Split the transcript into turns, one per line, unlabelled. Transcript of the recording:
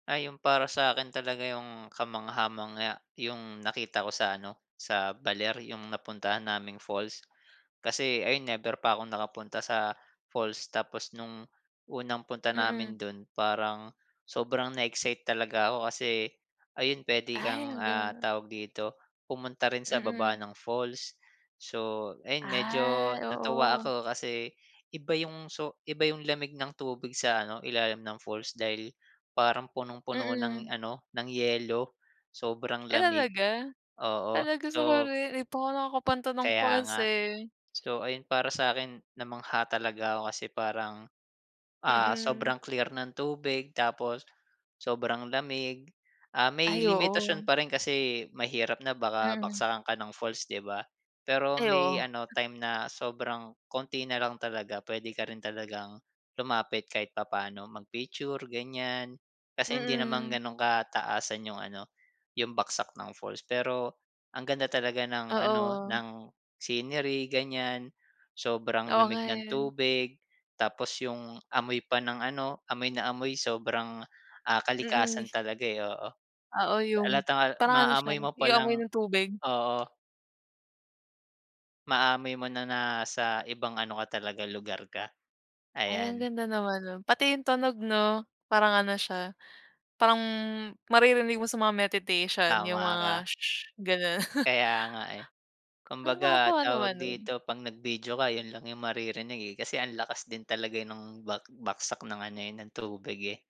Ah, yung para sa akin talaga yung kamangha-mangha yung nakita ko sa ano, sa Baler, yung napuntahan naming falls. Kasi ayun, never pa ako nakapunta sa falls. Tapos nung unang punta
Mm.
namin dun, parang sobrang na-excite talaga ako kasi ayun pwede
Ay,
kang,
ang
ah,
ga
tawag dito, pumunta rin sa baba
Mm.
ng falls. So ayun, medyo
Ah,
natuwa
oo.
ako, kasi iba yung so iba yung lamig ng tubig sa ano, ilalim ng falls dahil parang punong-puno ng
Mm.
ano, ng yelo, sobrang
Ay,
lamig.
talaga?
Oo,
Talaga sa ko
so
rin, di pa ako nakakapunta ng
Kaya
falls,
nga.
eh.
So ayun para sa akin, namangha talaga ako kasi parang, ah,
Mm.
sobrang clear ng tubig tapos sobrang lamig, ah, may
Ay, oo.
limitasyon pa rin kasi mahirap na baka
Mm.
bagsakan ka ng falls, 'di ba? Pero
Ay,
may
oo.
ano
M
time na sobrang kaunti na lang talaga, pwede ka rin talagang lumapit kahit papaano, mag-picture ganyan, kasi hindi naman
Mm.
ganun kataasan yung ano, yung bagsak ng falls. Pero ang ganda talaga ng ano
Oo.
ng scenery ganyan, sobrang
Oo, nga,
lamig ng
eh.
tubig, tapos yung amoy pa ng ano, amoy na amoy sobrang, ah,
Mm, mi
kalikasan talaga, eh, oo.
Oo, yung
Halatang al
parang ano siya,
maamoy mo pa
yung amoy
lang
ng tubig.
Oo. Maamoy mo na nasa ibang ano ka talaga lugar ka,
Ay, ang
ayan.
ganda naman no'n, pati yung tunog 'no? Parang ano siya, parang maririnig mo sa mga meditation, yung
Tama
mga
ka.
su-shush ganun.
Kaya nga, eh.
Ah,
Kumbaga,
nakakatuwa naman
tawag
'nun.
dito, 'pag nag-video ka, yun lang yung maririnig, eh, kasi ang lakas din talaga nung bak bagsak ng ano, eh, ng tubig, eh.